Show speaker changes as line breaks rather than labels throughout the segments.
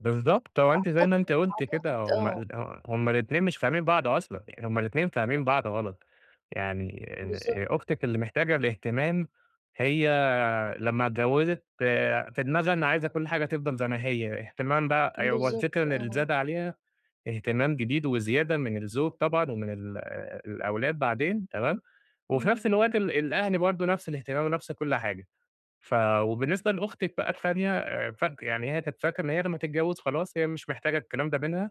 بالضبط، هو أنتِ زي ما
أعتقد
أنتِ قُلتِ كده
أعتقد
هُم
آه.
ال ه هُم الاتنين مش فاهمين بعض أصلًا، يعني هُم الاتنين فاهمين بعض غلط، يعني إن هي
بالضبط.
أختِك اللي محتاجة الاهتمام، هي لمّا اتجوزت في دماغها إن عايزة كُلّ حاجة تفضَل زي ما هي، اهتمام بقى أيوه هو الفكرة
بالضبط
اللي
آه.
زاد عليها اهتمام جديد وزيادة من الزوج طبعًا ومن ال الأولاد بعدين، تمام، وفي نَفْس
إمم.
الوقت ال الأهل برضه نَفْس الاهتمام ونَفْس كُلّ حاجة. ف وبالنسبة لأختِك بقى التانية فاك يعني هي كانت فاكرة إن هي لمّا تتجوز خلاص، هي مش محتاجة الكلام ده منها،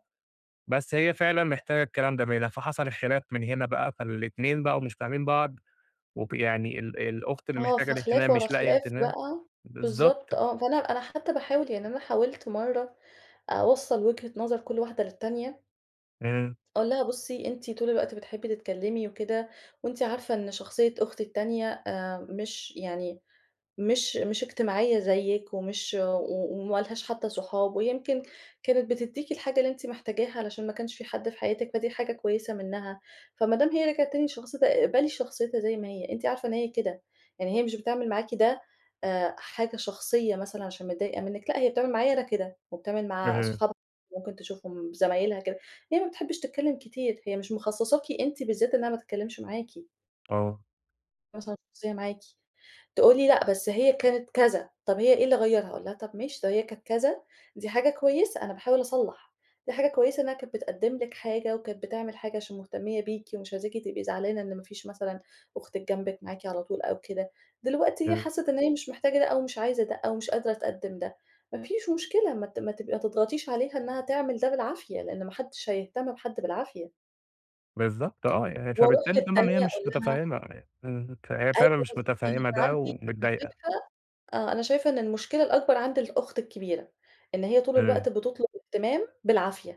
بس هي فعلًا محتاجة الكلام ده منها. فحصَل الخلاف من هنا بقى، فالاتنين بقوا مش فاهمين بعض وب يعني ال الأخت اللي
آه،
محتاجة
فخلاف
الاهتمام
ورا
مش لاقية
خلاف
اهتمام،
بقى
بالضبط.
بالضبط آه، فأنا أنا حتى باحاول يعني أنا حاولت مرّة أوصّل وجهة نظر كُلّ واحدة للتانية.
آآ
أقول لها: "بُصي، أنتِ طُول الوقت بتحبي تتكلمي وكده وأنتِ عارفة إن شخصية أختي التانية، آآ مش يعني مش مش اجتماعية زيِّك ومش و و وما لهاش حتى صحاب ويمْكِن كانت بتديكِ الحاجة اللي أنتِ محتاجاها عشان ما كانش في حد في حياتِك، فدي حاجة كويسة منّها. فما دام هي رِجعت تاني لشخصيتها اقبلي شخصيتها زي ما هي، أنتِ عارفة إن هي كده، يعني هي مش بتعمل معاكِ ده، آآ حاجة شخصية مثلًا عشان متضايقة منِك، لأ، هي بتعمل معايا أنا كده وبتعمل مع
آآ
أصحابها ممكن تشوفهم ب زمايلها كده، هي ما بتحبش تتكلم كتير، هي مش مخصصاكِ أنتِ بالذات إنها ما تتكلمش معاكِ."
آه.
مثلًا [unintelligible] معاكِ تقولي: "لأ بس هي كانت كذا، طَب هي إيه اللي غيّرها؟" أقول لها: "طَب ماشي لو هي كانت كذا دي حاجة كويسة" أنا باحاول أصلّح، "دي حاجة كويسة إنها كانت بتقدّم لك حاجة وكانت بتعمل حاجة عشان مهتمية بيكِ ومش عايزاكِ تبقي زعلانة إن ما فيش مثلًا أختِك جنبِك، معاكِ على طُول أو كده. دلوقتي هي
أ
حسِّت إن هي مش محتاجة ده أو مش عايزة ده أو مش قادرة تقدّم ده، ما فيش مشكلة، ما ت ما ت ما تضغطيش عليها إنها تعمل ده بالعافية، لإن ما حدش هيهتم بحد بالعافية."
بالضبط آه، يعني
وأرُوح
فبالتالي طبعًا هي
للتانية أقول
مش
لها
متفهمة إمم. فهي
أيوة
فعلًا مش
بالضبط،
متفهمة
أنا
ده
عندي أنا
ومتضايقة.
شايفة آه، أنا شايفة إن المشكلة الأكبر عند الأخت الكبيرة، إن هي طُول
آآ
الوقت بتطُلب اهتمام بالعافية.